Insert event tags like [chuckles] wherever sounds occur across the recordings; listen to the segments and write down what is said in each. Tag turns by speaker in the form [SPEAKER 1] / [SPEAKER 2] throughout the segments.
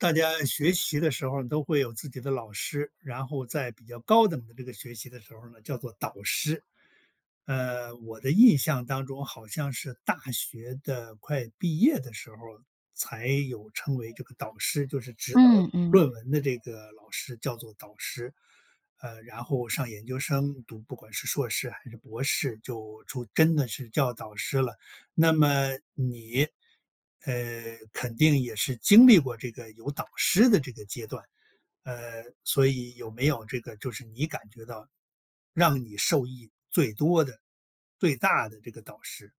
[SPEAKER 1] 大家学习的时候儿都会有自己的老师，然后在比较高等的这个学习的时候儿呢，叫做导师。呃，我的印象当中好像是大学的快毕业的时候儿才有称为这个导师，就是指导
[SPEAKER 2] 嗯，嗯。
[SPEAKER 1] 论文的这个老师叫做导师。呃，然后上研究生读不管是硕士还是博士就出真的是叫导师了。那么你，呃，肯定也是经历过这个有导师的这个阶段，呃，所以有没有这个就是你感觉到，让你受益最多的、最大的这个导师？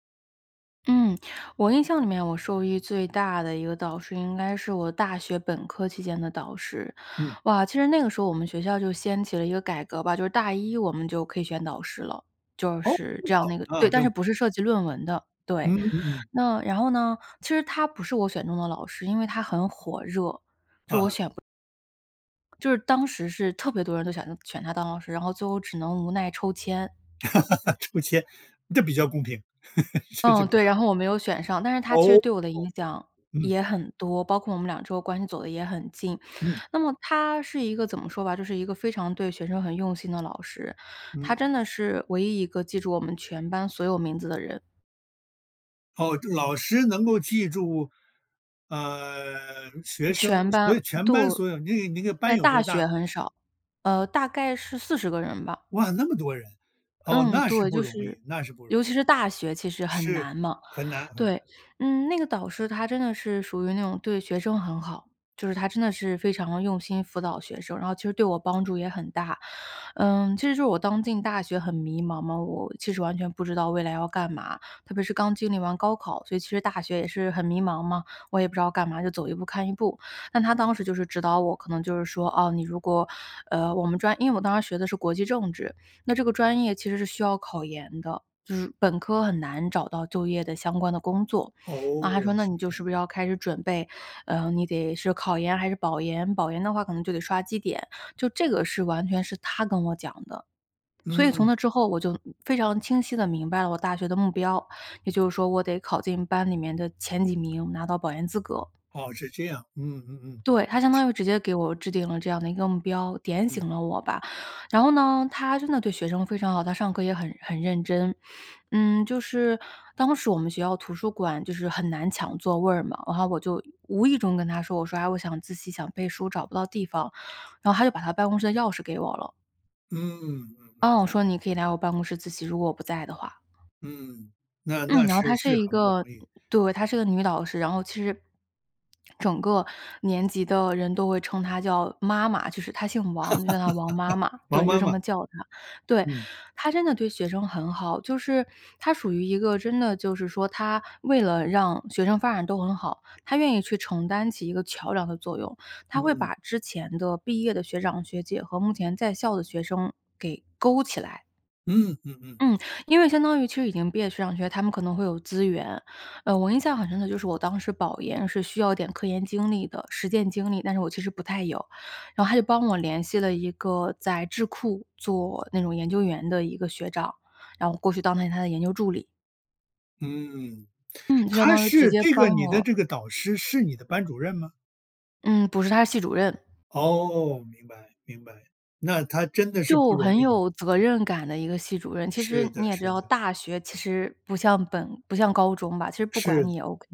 [SPEAKER 2] 嗯，我印象里面我受益最大的一个导师，应该是我大学本科期间的导师。
[SPEAKER 1] 嗯。
[SPEAKER 2] 哇，其实那个时候我们学校就掀起了一个改革吧，就是大一我们就可以选导师了，就
[SPEAKER 1] 哦。
[SPEAKER 2] 是
[SPEAKER 1] 这
[SPEAKER 2] 这
[SPEAKER 1] 么
[SPEAKER 2] 样
[SPEAKER 1] 好，
[SPEAKER 2] 那个对，
[SPEAKER 1] 啊，
[SPEAKER 2] 但
[SPEAKER 1] 真
[SPEAKER 2] 是
[SPEAKER 1] 不错。
[SPEAKER 2] 不是涉及论文的，对，
[SPEAKER 1] 嗯嗯嗯。
[SPEAKER 2] 那然后呢，其实他不是我选中的老师，因为她很火热，就我
[SPEAKER 1] 嗯哼。
[SPEAKER 2] 选不就是当时是特别多人都想他选她当老师，然后最后只能无奈抽签。
[SPEAKER 1] [laughs] 抽签，这比较公平。[laughs] 这就
[SPEAKER 2] 嗯，
[SPEAKER 1] 比
[SPEAKER 2] 对，
[SPEAKER 1] 较
[SPEAKER 2] 然后我没有选上，但是她其
[SPEAKER 1] 哦，
[SPEAKER 2] 实
[SPEAKER 1] 哦
[SPEAKER 2] 对我的影
[SPEAKER 1] 哦。
[SPEAKER 2] 响
[SPEAKER 1] 嗯。
[SPEAKER 2] 也很多，包括我们两之后关系走得也很近。
[SPEAKER 1] 嗯。
[SPEAKER 2] 那么她是一个怎么说吧就是一个非常对学生很用心的老师，她
[SPEAKER 1] 嗯。
[SPEAKER 2] 真的是唯一一个记住我们全班所有名字的人。
[SPEAKER 1] 噢，这老师能够记住，呃，学生。
[SPEAKER 2] 全班，
[SPEAKER 1] 所以全
[SPEAKER 2] 对
[SPEAKER 1] 班所有你那个你那个班
[SPEAKER 2] 在
[SPEAKER 1] 有
[SPEAKER 2] 大
[SPEAKER 1] 多大？
[SPEAKER 2] 学很少，呃，大概是40个人吧。
[SPEAKER 1] 哇，那么多人，哦，
[SPEAKER 2] 嗯，
[SPEAKER 1] 那是
[SPEAKER 2] 对，
[SPEAKER 1] 不
[SPEAKER 2] 就
[SPEAKER 1] 容
[SPEAKER 2] 是
[SPEAKER 1] 易那是不容易。
[SPEAKER 2] 尤其是大学其实很
[SPEAKER 1] 是，
[SPEAKER 2] 难嘛，
[SPEAKER 1] 很难很
[SPEAKER 2] 对。
[SPEAKER 1] 难。
[SPEAKER 2] 嗯，那个导师她真的是属于那种对学生很好，就是她真的是非常地用心辅导学生，然后其实对我帮助也很大。嗯，其实是我刚进大学很迷茫嘛，我其实完全不知道未来要干嘛，特别是刚经历完高考，所以其实大学也是很迷茫嘛，我也不知道干嘛，就走一步看一步。但她当时就是指导我，可能就是说，哦，你如果呃，我们专因为我当时学的是国际政治，那这个专业其实是需要考研的，就是本科很难找到就业的相关的工作。那她说
[SPEAKER 1] 哦，
[SPEAKER 2] 那你
[SPEAKER 1] 是
[SPEAKER 2] 就
[SPEAKER 1] 这
[SPEAKER 2] 是不
[SPEAKER 1] 样。
[SPEAKER 2] 是要开始准备，呃，你得是考研还是保研，保研的话可能就得刷绩点，就这个是完全是她跟我讲的。所以从
[SPEAKER 1] 嗯。
[SPEAKER 2] 那之后，我就非常清晰地明白了我大学的目标，也就是说我得考进班里面的前几名，拿到保研资格。
[SPEAKER 1] 哦，是这样。嗯嗯嗯。
[SPEAKER 2] 对，她相当于直接给我制定了这样的一个目标，点
[SPEAKER 1] 嗯。
[SPEAKER 2] 醒了我吧。然后呢，她真的对学生非常好，她上课也很很认真。[sniffs] 嗯，就是，当时我们学校图书馆就是很难抢座位儿嘛，然后我就无意中跟她说，我说：“啊，我想自习、想背书找不到地方。”然后她就把她办公室的钥匙给我了。
[SPEAKER 1] 嗯，嗯嗯。
[SPEAKER 2] 哦，说：“你可以来我办公室自习，如果我不在的话。”
[SPEAKER 1] 嗯，那
[SPEAKER 2] 嗯，[smacks lips]
[SPEAKER 1] 那
[SPEAKER 2] 然后她
[SPEAKER 1] 是是
[SPEAKER 2] 是一
[SPEAKER 1] 很不容
[SPEAKER 2] 个
[SPEAKER 1] 易。
[SPEAKER 2] 对，她是个女导师。然后其实，[swallows] 整个年级的人都会称她叫妈妈，就是她姓
[SPEAKER 1] [laughs]
[SPEAKER 2] 王，就叫她王妈妈。
[SPEAKER 1] 王
[SPEAKER 2] 对，就
[SPEAKER 1] 妈
[SPEAKER 2] 这
[SPEAKER 1] 妈。
[SPEAKER 2] 么叫她。对，
[SPEAKER 1] 嗯。
[SPEAKER 2] 她真的对学生很好，就是她属于一个真的就是说，她为了让学生发展都很好，她愿意去承担起一个桥梁的作用。她会
[SPEAKER 1] 嗯。
[SPEAKER 2] 把之前的毕业的学长学姐和目前在校的学生给勾起来。
[SPEAKER 1] 嗯嗯嗯。
[SPEAKER 2] 嗯，因为相当于其实已经毕业的学长学姐，他们可能会有资源。呃，我印象很深的就是我当时保研是需要点科研经历的实践经历，但是我其实不太有，然后她就帮我联系了一个在智库做那种研究员的一个学长，然后我过去当了他的研究助理。
[SPEAKER 1] 嗯，
[SPEAKER 2] 嗯，就相
[SPEAKER 1] 她
[SPEAKER 2] 当于直
[SPEAKER 1] 是
[SPEAKER 2] 接
[SPEAKER 1] 这
[SPEAKER 2] 帮
[SPEAKER 1] 个你的
[SPEAKER 2] 我。
[SPEAKER 1] 这个导师是你的班主任吗？
[SPEAKER 2] 嗯，不是，她是系主任。
[SPEAKER 1] 哦，明白，明白，那她真的是不
[SPEAKER 2] 就
[SPEAKER 1] 容
[SPEAKER 2] 很
[SPEAKER 1] 易。
[SPEAKER 2] 有责任感的一个系主任，其实
[SPEAKER 1] 是的，
[SPEAKER 2] 你也知
[SPEAKER 1] 是
[SPEAKER 2] 道，
[SPEAKER 1] 的。
[SPEAKER 2] 大学其实不像本不像高中吧，其实不管
[SPEAKER 1] 是的，
[SPEAKER 2] 你也 OK。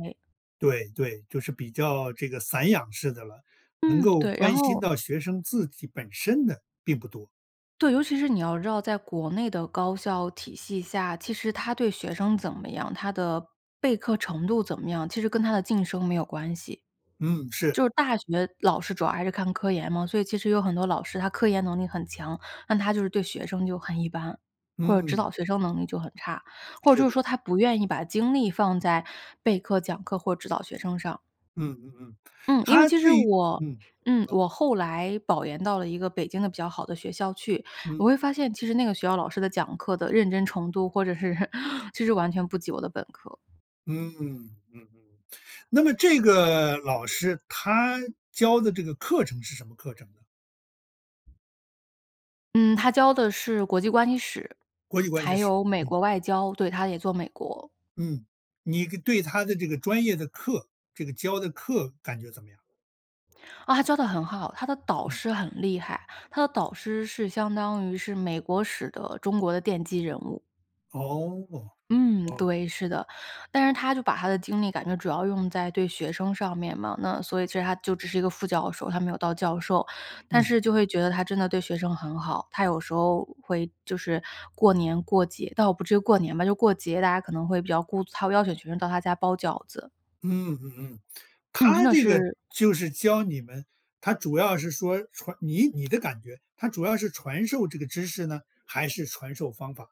[SPEAKER 1] 对对，就是比较这个散养式的了，能
[SPEAKER 2] 嗯，
[SPEAKER 1] 够
[SPEAKER 2] 对，然
[SPEAKER 1] 关心
[SPEAKER 2] 后
[SPEAKER 1] 到学生自己本身的并不多。
[SPEAKER 2] 对，尤其是你要知道在国内的高校体系下，其实他对学生怎么样，他的备课程度怎么样，其实跟他的晋升没有关系。
[SPEAKER 1] 嗯，是。
[SPEAKER 2] 就是大学老师主要还是看科研嘛，所以其实有很多老师他科研能力很强，但他就是对学生就很一般，或者指
[SPEAKER 1] 嗯。
[SPEAKER 2] 导学生能力就很差，或者
[SPEAKER 1] 是
[SPEAKER 2] 就是
[SPEAKER 1] 的。
[SPEAKER 2] 说他不愿意把精力放在备课、讲课或者指导学生上。
[SPEAKER 1] 嗯嗯嗯，
[SPEAKER 2] 嗯，因为
[SPEAKER 1] 她
[SPEAKER 2] 其实
[SPEAKER 1] 对于
[SPEAKER 2] 我
[SPEAKER 1] 嗯，你
[SPEAKER 2] 嗯，
[SPEAKER 1] 说。
[SPEAKER 2] 我后来保研到了一个北京的比较好的学校去，我
[SPEAKER 1] 嗯。
[SPEAKER 2] 会发现其实那个学校老师的讲课的认真程度，或者是其实完全不及我的本科。
[SPEAKER 1] 嗯，嗯嗯。那么这个老师她教的这个课程是什么课程呢？
[SPEAKER 2] 嗯，她教的是《国际关系史》，
[SPEAKER 1] 《国际关
[SPEAKER 2] 还
[SPEAKER 1] 系史》，
[SPEAKER 2] 有《美
[SPEAKER 1] 嗯。
[SPEAKER 2] 国外交》，对，她也做美国。
[SPEAKER 1] 嗯，你个对她的这个专业的课，这个教的课感觉怎么样？
[SPEAKER 2] 啊，她教得很好，她的导
[SPEAKER 1] 嗯。
[SPEAKER 2] 师很厉害，她的导师是相当于是美国史的中国的奠基人物。
[SPEAKER 1] 哦，
[SPEAKER 2] 嗯，
[SPEAKER 1] 哦。
[SPEAKER 2] 对，是的。但是她就把她的精力感觉主要用在对学生上面嘛，那所以其实她就只是一个副教授，她没有到教授，但
[SPEAKER 1] 嗯。
[SPEAKER 2] 是就会觉得她真的对学生很好，她有时候会就是过年、过节，倒不至于过年吧，就过节，大家可能会比较顾她邀请学生到她家包饺子。
[SPEAKER 1] 嗯嗯嗯。
[SPEAKER 2] 嗯，真
[SPEAKER 1] 她
[SPEAKER 2] 的
[SPEAKER 1] 这个
[SPEAKER 2] 是
[SPEAKER 1] 就是教你们，她主要是说传你你的感觉，她主要是传授这个知识呢，还是传授方法？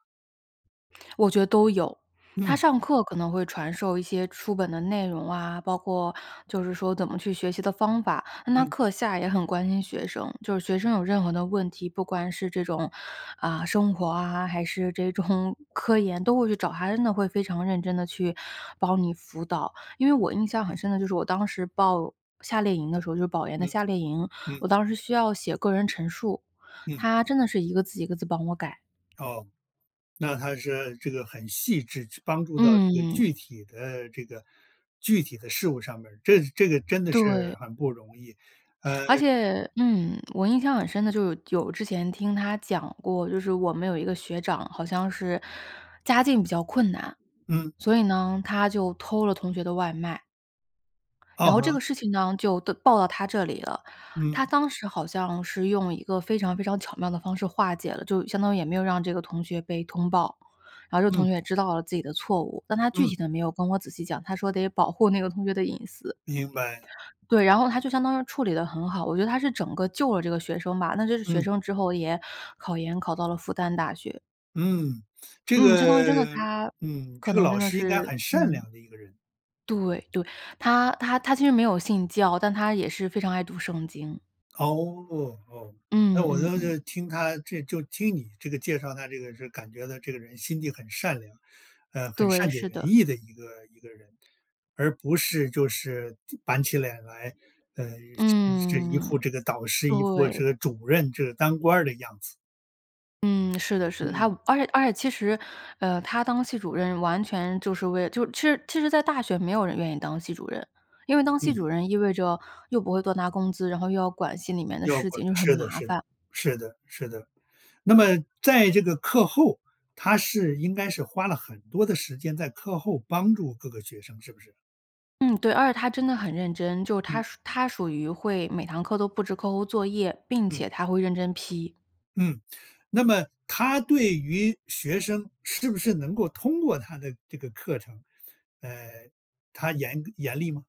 [SPEAKER 2] 我觉得都有。她
[SPEAKER 1] 嗯。
[SPEAKER 2] 上课可能会传授一些书本的内容啊，包括就是说怎么去学习的方法，那她
[SPEAKER 1] 嗯。
[SPEAKER 2] 课下也很关心学生，就是学生有任何的问题，不管是这种啊生活啊，还是这种科研都会去找她，真的会非常认真地去帮你辅导。因为我印象很深的就是我当时报夏令营的时候，就是保研的
[SPEAKER 1] 嗯，
[SPEAKER 2] 夏令营，
[SPEAKER 1] 嗯。
[SPEAKER 2] 我当时需要写个人陈述，
[SPEAKER 1] 嗯。
[SPEAKER 2] 她真的是一个字一个字帮我改。
[SPEAKER 1] 哦，那她这这个很细致，这帮助到这个
[SPEAKER 2] 嗯。
[SPEAKER 1] 具体的这个具体的事物上面儿，这这个真的是
[SPEAKER 2] 对。
[SPEAKER 1] 很不容易，呃
[SPEAKER 2] 而且，嗯，我印象很深的就是有有之前听她讲过，就是我们有一个学长，好像是家境比较困难，
[SPEAKER 1] 嗯。
[SPEAKER 2] 所以呢，他就偷了同学的外卖。
[SPEAKER 1] 啊
[SPEAKER 2] 然后这个
[SPEAKER 1] 哼。
[SPEAKER 2] 事情呢，就的报到她这里了，
[SPEAKER 1] 嗯。
[SPEAKER 2] 她当时好像是用一个非常非常巧妙的方式化解了，就相当于也没有让这个同学被通报，然后这个
[SPEAKER 1] 嗯。
[SPEAKER 2] 同学也知道了自己的错误，但她具
[SPEAKER 1] 嗯。
[SPEAKER 2] 体地没有跟我仔细讲，她说得保护那个同学的隐私。
[SPEAKER 1] 明白。
[SPEAKER 2] 对，然后她就相当于处理得很好，我觉得她是整个救了这个学生吧，那这个学
[SPEAKER 1] 嗯。
[SPEAKER 2] 生之后也考研考到了复旦大学。
[SPEAKER 1] 嗯，这
[SPEAKER 2] 嗯，相当于真的
[SPEAKER 1] 个，
[SPEAKER 2] 她
[SPEAKER 1] 嗯，
[SPEAKER 2] 可
[SPEAKER 1] 这个
[SPEAKER 2] 能真
[SPEAKER 1] 老
[SPEAKER 2] 的
[SPEAKER 1] 师应该
[SPEAKER 2] 是
[SPEAKER 1] 很善
[SPEAKER 2] 嗯。
[SPEAKER 1] 良的一个人。
[SPEAKER 2] 对对，她她她其实没有信教，但她也是非常爱读《圣经》。
[SPEAKER 1] 哦，哦，诶，
[SPEAKER 2] 嗯，
[SPEAKER 1] 我
[SPEAKER 2] 嗯，
[SPEAKER 1] 倒
[SPEAKER 2] 嗯。
[SPEAKER 1] 是就听她这就听你这个介绍她这个就是感觉到这个人心地很善良，呃，很
[SPEAKER 2] 对，
[SPEAKER 1] 善解
[SPEAKER 2] 是
[SPEAKER 1] 人
[SPEAKER 2] 的。
[SPEAKER 1] 意的一个一个人。而不是就是就板起脸来，呃，是一是一
[SPEAKER 2] 嗯，
[SPEAKER 1] 副这个导师、一副
[SPEAKER 2] 对。
[SPEAKER 1] 这个主任、这个当官儿的样子。
[SPEAKER 2] 嗯，是的，是的，她
[SPEAKER 1] 嗯。
[SPEAKER 2] 而且而且其实，呃，她当系主任完全就是为就是其实其实在大学没有人愿意当系主任，因为当系
[SPEAKER 1] 嗯。
[SPEAKER 2] 主任意味着又不会多拿工资，然后又要管系里面的
[SPEAKER 1] 要
[SPEAKER 2] 事
[SPEAKER 1] 不
[SPEAKER 2] 情，就是很
[SPEAKER 1] 是的，
[SPEAKER 2] 麻
[SPEAKER 1] 是的，
[SPEAKER 2] 烦。
[SPEAKER 1] 是的，是的。那么在这个课后，她是应该是花了很多的时间在课后帮助各个学生，是不是？
[SPEAKER 2] 嗯，对，而且她真的很认真，就是她
[SPEAKER 1] 嗯。
[SPEAKER 2] 属她属于会每堂课都布置课后作业，并且
[SPEAKER 1] 嗯。
[SPEAKER 2] 她会认真批。
[SPEAKER 1] 嗯，那么她对于学生是不是能够通过她的这个课程，呃，她严严厉吗？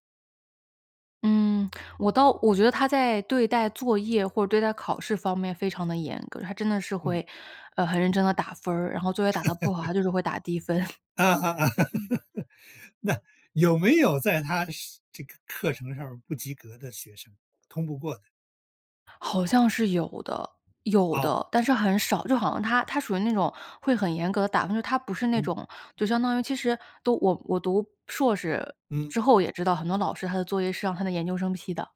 [SPEAKER 2] 嗯，我倒我觉得她在对待作业或者对待考试方面非常地严格。她真的是
[SPEAKER 1] 嗯。
[SPEAKER 2] 会，呃，很认真地打分，然后作业打得不好，
[SPEAKER 1] [laughs]
[SPEAKER 2] 她就是会打低分。[chuckles]
[SPEAKER 1] 啊啊啊，
[SPEAKER 2] 嗯。
[SPEAKER 1] [laughs] 那有没有在她上这个课程上面儿不及格的学生通不过的？
[SPEAKER 2] 好像是有的。有
[SPEAKER 1] 哦。
[SPEAKER 2] 的，但是很少，就好像她她属于那种会很严格地打分，就是她不是那
[SPEAKER 1] 嗯。
[SPEAKER 2] 种就相当于其实，都我我读硕士
[SPEAKER 1] 嗯。
[SPEAKER 2] 之后也知道，很多老师他的作业是让他的研究生批的。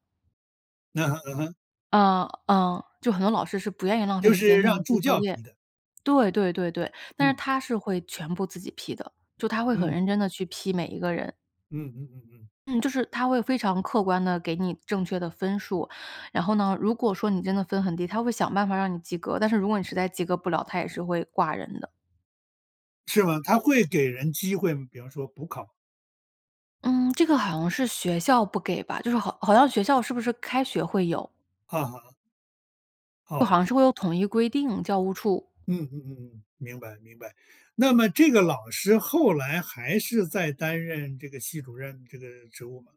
[SPEAKER 1] 嗯哼嗯哼。
[SPEAKER 2] 嗯嗯，就很多老师是不愿意浪费
[SPEAKER 1] 就
[SPEAKER 2] 时间
[SPEAKER 1] 是
[SPEAKER 2] 去给你
[SPEAKER 1] 让
[SPEAKER 2] 批
[SPEAKER 1] 助
[SPEAKER 2] 作
[SPEAKER 1] 教
[SPEAKER 2] 业，
[SPEAKER 1] 批的。
[SPEAKER 2] 对对对对。但是
[SPEAKER 1] 嗯。
[SPEAKER 2] 她是会全部自己批的，就她会很
[SPEAKER 1] 嗯。
[SPEAKER 2] 认真地去批每一个人。
[SPEAKER 1] 嗯嗯嗯嗯。
[SPEAKER 2] 嗯，就是她会非常客观地给你正确的分数。然后呢，如果说你真的分很低，她会想办法让你及格。但是如果你实在及格不了，她也是会挂人的。
[SPEAKER 1] 是吗？她会给人机会吗？比方说补考。
[SPEAKER 2] 嗯，这个好像是学校不给吧，就是好好像学校是不是开学会有。
[SPEAKER 1] 啊哼。哦，
[SPEAKER 2] 呃，好像
[SPEAKER 1] 这
[SPEAKER 2] 是会有统一规定，教务处。
[SPEAKER 1] 嗯嗯嗯嗯，明白明白。那么这个老师后来还是在担任这个系主任这个职务吗？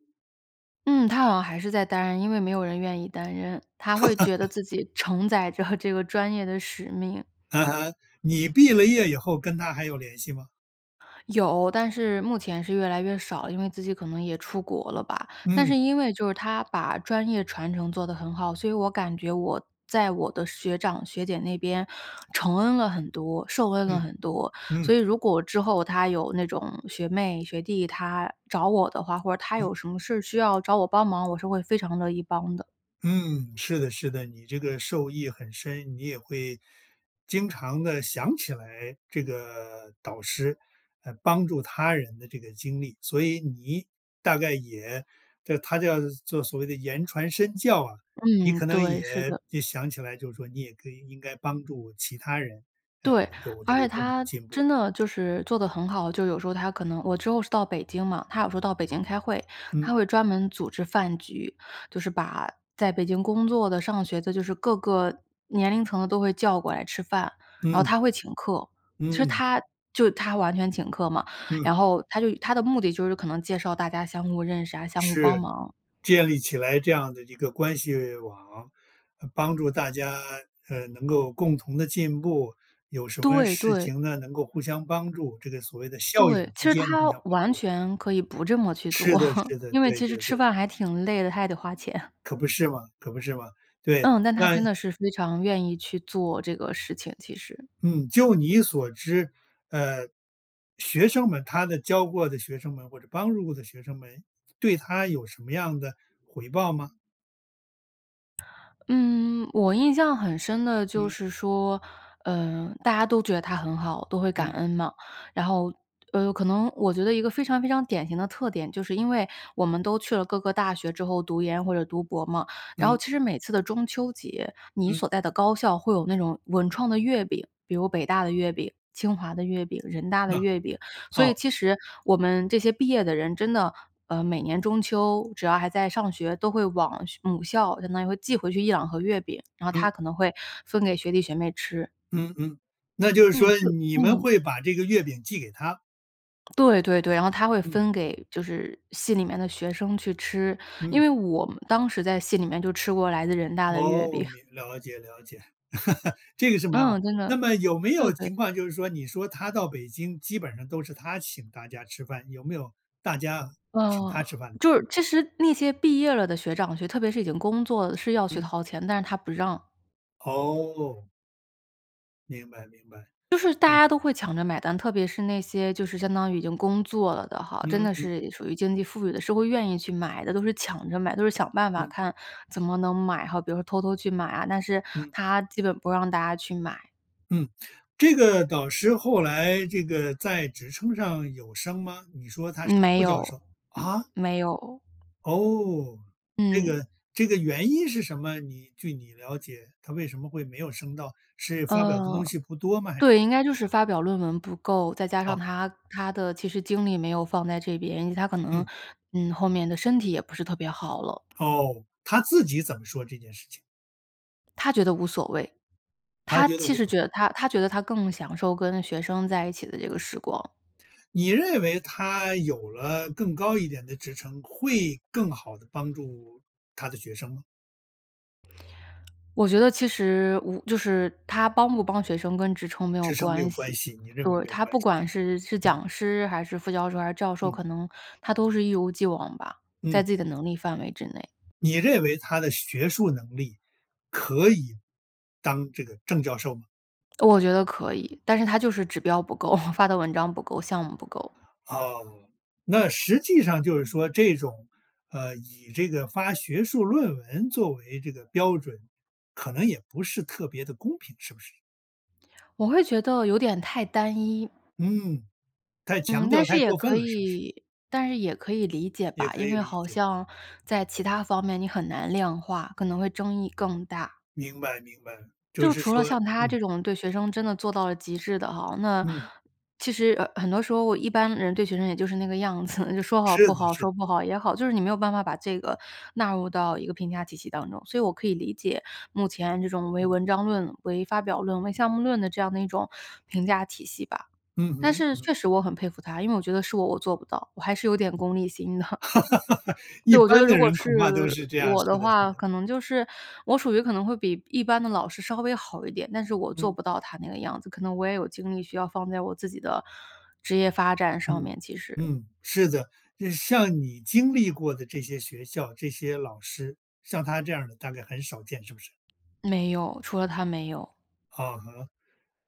[SPEAKER 2] 嗯，她好像还是在担任，因为没有人愿意担任，她会觉得
[SPEAKER 1] [laughs]
[SPEAKER 2] 自己承载着这个专业的使命。
[SPEAKER 1] 嗯哼，你毕了业以后跟她还有联系吗？
[SPEAKER 2] 有，但是目前是越来越少，因为自己可能也出国了吧。但
[SPEAKER 1] 嗯。
[SPEAKER 2] 是因为就是她把专业传承做得很好，所以我感觉我在我的学长学姐那边承恩了很多、受恩了
[SPEAKER 1] 嗯，
[SPEAKER 2] 很多。所
[SPEAKER 1] 嗯。
[SPEAKER 2] 以如果之后她有那种学妹、学弟她找我的话，或者她
[SPEAKER 1] 嗯。
[SPEAKER 2] 有什么事儿需要找我帮忙，我是会非常乐意帮的。
[SPEAKER 1] 嗯，是的是的，你这个受益很深。你也会经常地想起来，这个导师来帮助他人的这个经历。所以你大概也叫他叫做所谓的言传身教啊，你
[SPEAKER 2] 嗯，
[SPEAKER 1] 可能
[SPEAKER 2] 对，是
[SPEAKER 1] 也
[SPEAKER 2] 的。
[SPEAKER 1] 也想起来就是说你也可以应该帮助其他人，呃，
[SPEAKER 2] 对，
[SPEAKER 1] 有这
[SPEAKER 2] 而且
[SPEAKER 1] 个共同
[SPEAKER 2] 她
[SPEAKER 1] 进步。
[SPEAKER 2] 真的就是做得很好。就有时候她可能我之后是到北京嘛，她有时候到北京开会，
[SPEAKER 1] 嗯。
[SPEAKER 2] 她会专门组织饭局，就是把在北京工作的、上学的，就是各个年龄层的都会叫过来吃饭，
[SPEAKER 1] 嗯
[SPEAKER 2] 然后她会请客，其
[SPEAKER 1] 嗯，
[SPEAKER 2] 实
[SPEAKER 1] 嗯。
[SPEAKER 2] 她就她完全请客嘛。
[SPEAKER 1] 嗯。
[SPEAKER 2] 然后她就她的目的就是可能介绍大家相互认识啊、相互帮
[SPEAKER 1] 是，
[SPEAKER 2] 忙。
[SPEAKER 1] 建立起来这样的一个关系网，帮助大家，呃，能够共同地进步。有什么
[SPEAKER 2] 对，
[SPEAKER 1] 事
[SPEAKER 2] 对。
[SPEAKER 1] 情呢，能够互相帮助，这个所谓的校友
[SPEAKER 2] 对，其
[SPEAKER 1] 之
[SPEAKER 2] 实
[SPEAKER 1] 间的互
[SPEAKER 2] 她
[SPEAKER 1] 相帮
[SPEAKER 2] 完
[SPEAKER 1] 助。
[SPEAKER 2] 全可以不这么去
[SPEAKER 1] 是
[SPEAKER 2] 做，
[SPEAKER 1] 的是的，
[SPEAKER 2] 因为
[SPEAKER 1] 对
[SPEAKER 2] 其实
[SPEAKER 1] 对
[SPEAKER 2] 吃
[SPEAKER 1] 对。
[SPEAKER 2] 饭还挺累的，她还得花钱。
[SPEAKER 1] 可不是嘛可不是嘛，对，
[SPEAKER 2] 嗯，但她
[SPEAKER 1] 那
[SPEAKER 2] 真的是非常愿意去做这个事情，其实。
[SPEAKER 1] 嗯，就你所知，呃，学生们她的教过的学生们或者帮助过的学生们对她有什么样的回报吗？
[SPEAKER 2] 嗯，我印象很深的就
[SPEAKER 1] 嗯。
[SPEAKER 2] 是说，呃，大家都觉得她很好，都会感
[SPEAKER 1] 嗯。
[SPEAKER 2] 恩嘛，然后，呃，可能我觉得一个非常非常典型的特点，就是因为我们都去了各个大学之后读研或者读博嘛，然后
[SPEAKER 1] 嗯。
[SPEAKER 2] 其实每次的中秋节，你
[SPEAKER 1] 嗯。
[SPEAKER 2] 所在的高校会有那种文创的月饼，比如北大的月饼、清华的月饼、人大的
[SPEAKER 1] 哦，
[SPEAKER 2] 月饼，所
[SPEAKER 1] 哦。
[SPEAKER 2] 以其实我们这些毕业的人真的，呃，每年中秋只要还在上学，都会往学母校，相当于会寄回去1-2盒月饼，然后
[SPEAKER 1] 嗯。
[SPEAKER 2] 她可能会分给学弟学妹吃。
[SPEAKER 1] 嗯嗯，那就是
[SPEAKER 2] 嗯，
[SPEAKER 1] 说
[SPEAKER 2] 就
[SPEAKER 1] 你们
[SPEAKER 2] 嗯。
[SPEAKER 1] 会把这个月饼寄给她。
[SPEAKER 2] 对对对，然后她会
[SPEAKER 1] 嗯。
[SPEAKER 2] 分给就是系里面的学生去吃，因
[SPEAKER 1] 嗯。
[SPEAKER 2] 为我们当时在系里面就吃过来自的人大的月
[SPEAKER 1] 哦，
[SPEAKER 2] 饼。
[SPEAKER 1] 明了解了解，[laughs] 这个是蛮好。
[SPEAKER 2] 嗯，真的，
[SPEAKER 1] 那么有没
[SPEAKER 2] 对
[SPEAKER 1] 有
[SPEAKER 2] 对。
[SPEAKER 1] 情况就是说，你说她到北京基本上都是她请大家吃饭，有没有大家请
[SPEAKER 2] 嗯，
[SPEAKER 1] 她吃饭的时
[SPEAKER 2] 就
[SPEAKER 1] 候？
[SPEAKER 2] 是其实那些毕业了的学长学特别是已经工作是要去
[SPEAKER 1] 嗯。
[SPEAKER 2] 掏钱的，但是她不让。
[SPEAKER 1] 哦。明白，明白，
[SPEAKER 2] 就是大
[SPEAKER 1] 嗯。
[SPEAKER 2] 家都会抢着买单，特别是那些就是相当于已经工作了的哈，真
[SPEAKER 1] 嗯，
[SPEAKER 2] 的
[SPEAKER 1] 嗯。
[SPEAKER 2] 是属于经济富裕的，是会愿意去买的，都是抢着买的，都是想办法
[SPEAKER 1] 嗯。
[SPEAKER 2] 看，怎么能买哈，比如说偷偷去买啊，但是
[SPEAKER 1] 嗯。
[SPEAKER 2] 她基本不让大家去买。
[SPEAKER 1] 嗯。这个导师后来这个在职称上有升吗？你说她是
[SPEAKER 2] 没
[SPEAKER 1] 副教
[SPEAKER 2] 有。
[SPEAKER 1] 授，
[SPEAKER 2] 嗯，
[SPEAKER 1] 啊？
[SPEAKER 2] 没有。
[SPEAKER 1] 哦，这
[SPEAKER 2] 嗯。
[SPEAKER 1] 个这个原因是什么？你据你了解，她为什么会没有升到，是发表的东
[SPEAKER 2] 呃，
[SPEAKER 1] 西不多吗？还是怎么样？
[SPEAKER 2] 对，应该就是发表论文不够，再加上
[SPEAKER 1] 啊。
[SPEAKER 2] 她她的其实精力也没有放在这边，因为她可能，
[SPEAKER 1] 嗯。
[SPEAKER 2] 嗯，后面的身体也不是特别好了。
[SPEAKER 1] 哦，她自己怎么说这件事情？
[SPEAKER 2] 她觉得无所谓。
[SPEAKER 1] 她
[SPEAKER 2] 她
[SPEAKER 1] 觉得
[SPEAKER 2] 其
[SPEAKER 1] 无
[SPEAKER 2] 实
[SPEAKER 1] 所谓。
[SPEAKER 2] 觉得她她觉得他更享受跟学生在一起的这个时光。
[SPEAKER 1] 你认为她有了更高一点的职称，会更好地帮助，她的学生吗？
[SPEAKER 2] 我觉得其实，我就是她帮不帮学生跟职称没有
[SPEAKER 1] 职称没有
[SPEAKER 2] 关
[SPEAKER 1] 关
[SPEAKER 2] 系。
[SPEAKER 1] 系，你认为
[SPEAKER 2] 对，
[SPEAKER 1] 没有
[SPEAKER 2] 她
[SPEAKER 1] 关
[SPEAKER 2] 不
[SPEAKER 1] 系。
[SPEAKER 2] 管是是
[SPEAKER 1] 嗯。
[SPEAKER 2] 讲师还是副教授还是教授，
[SPEAKER 1] 嗯。
[SPEAKER 2] 可能，她都是一如既往吧，
[SPEAKER 1] 嗯。
[SPEAKER 2] 在自己的能力范围之内。
[SPEAKER 1] 你认为她的学术能力，可以当这个正教授吗？
[SPEAKER 2] 我觉得可以，但是她就是指标不够，[chuckles] 发的文章不够，项目不够。
[SPEAKER 1] 啊，那实际上就是说这种，呃，以这个发学术论文作为这个标准，可能也不是特别地公平，是不是？
[SPEAKER 2] 我会觉得有点太单一。
[SPEAKER 1] 嗯，太
[SPEAKER 2] 嗯，
[SPEAKER 1] 强
[SPEAKER 2] 但
[SPEAKER 1] 调、
[SPEAKER 2] 是
[SPEAKER 1] 太
[SPEAKER 2] 也
[SPEAKER 1] 过分
[SPEAKER 2] 可
[SPEAKER 1] 了，是不是？
[SPEAKER 2] 以，但是也可以理解
[SPEAKER 1] 也
[SPEAKER 2] 吧，
[SPEAKER 1] 可
[SPEAKER 2] 因
[SPEAKER 1] 以
[SPEAKER 2] 为
[SPEAKER 1] 理
[SPEAKER 2] 好
[SPEAKER 1] 解。
[SPEAKER 2] 像在其它方面你很难量化，可能会争议更大。
[SPEAKER 1] 明白明白，就
[SPEAKER 2] 就
[SPEAKER 1] 是
[SPEAKER 2] 除了
[SPEAKER 1] 说
[SPEAKER 2] 像她
[SPEAKER 1] 嗯。
[SPEAKER 2] 这种对学生真的做到了极致的哈，那
[SPEAKER 1] 嗯。
[SPEAKER 2] 其实，呃，很多时候一般人对学生也就是那个样子，就说好
[SPEAKER 1] 是
[SPEAKER 2] 不
[SPEAKER 1] 的
[SPEAKER 2] 好，
[SPEAKER 1] 是的。
[SPEAKER 2] 说不好也好，就是你没有办法把这个纳入到一个评价体系当中，所以我可以理解目前这种为
[SPEAKER 1] 嗯。
[SPEAKER 2] 文章论、为发表论、为项目论的这样的一种评价体系吧。
[SPEAKER 1] 嗯
[SPEAKER 2] 但
[SPEAKER 1] 哼，
[SPEAKER 2] 是
[SPEAKER 1] 嗯。
[SPEAKER 2] 确实我很佩服她，因为我觉得是我我做不到，我还是有点功利心的。
[SPEAKER 1] [laughs] 一
[SPEAKER 2] 对，我觉
[SPEAKER 1] 般
[SPEAKER 2] 得
[SPEAKER 1] 的
[SPEAKER 2] 如果
[SPEAKER 1] 人
[SPEAKER 2] 是
[SPEAKER 1] 恐怕都是这样，
[SPEAKER 2] 我的
[SPEAKER 1] 是的是
[SPEAKER 2] 话，
[SPEAKER 1] 的。
[SPEAKER 2] 可能就是我属于可能会比一般的老师稍微好一点，但是我做
[SPEAKER 1] 嗯。
[SPEAKER 2] 不到她那个样子，可能我也有精力需要放在我自己的职业发展上
[SPEAKER 1] 嗯，
[SPEAKER 2] 面，其实。
[SPEAKER 1] 嗯，是的，就是像你经历过的这些学校、这些老师，像她这样儿的大概很少见，是不是？
[SPEAKER 2] 没有，除了她没有。
[SPEAKER 1] 嗯哼。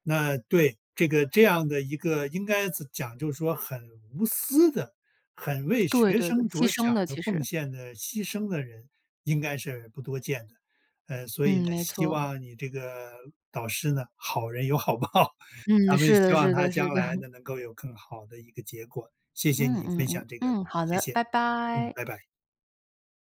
[SPEAKER 1] 那，对，这个这样的一个应该怎讲就是说很无私的，很为
[SPEAKER 2] 对
[SPEAKER 1] 学
[SPEAKER 2] 对对，
[SPEAKER 1] 生
[SPEAKER 2] 牺
[SPEAKER 1] 着
[SPEAKER 2] 牲
[SPEAKER 1] 想
[SPEAKER 2] 的
[SPEAKER 1] 的、
[SPEAKER 2] 其
[SPEAKER 1] 奉
[SPEAKER 2] 实。
[SPEAKER 1] 献的、牺牲的人应该是不多见的，呃，所以
[SPEAKER 2] 嗯，
[SPEAKER 1] 呢，
[SPEAKER 2] 没
[SPEAKER 1] 希
[SPEAKER 2] 错。
[SPEAKER 1] 望你这个导师呢，好人有好报，
[SPEAKER 2] 嗯，
[SPEAKER 1] 咱们
[SPEAKER 2] 是
[SPEAKER 1] 希
[SPEAKER 2] 的，
[SPEAKER 1] 望
[SPEAKER 2] 是
[SPEAKER 1] 她
[SPEAKER 2] 的，是
[SPEAKER 1] 将
[SPEAKER 2] 的。
[SPEAKER 1] 来
[SPEAKER 2] [chuckles]
[SPEAKER 1] 呢，能够有更好的一个结果，谢谢
[SPEAKER 2] 嗯
[SPEAKER 1] 你
[SPEAKER 2] 嗯
[SPEAKER 1] 分
[SPEAKER 2] 嗯，
[SPEAKER 1] 享这个，
[SPEAKER 2] 嗯，好
[SPEAKER 1] 谢
[SPEAKER 2] 的，
[SPEAKER 1] 谢，
[SPEAKER 2] 拜
[SPEAKER 1] 嗯，
[SPEAKER 2] 拜！
[SPEAKER 1] 拜拜。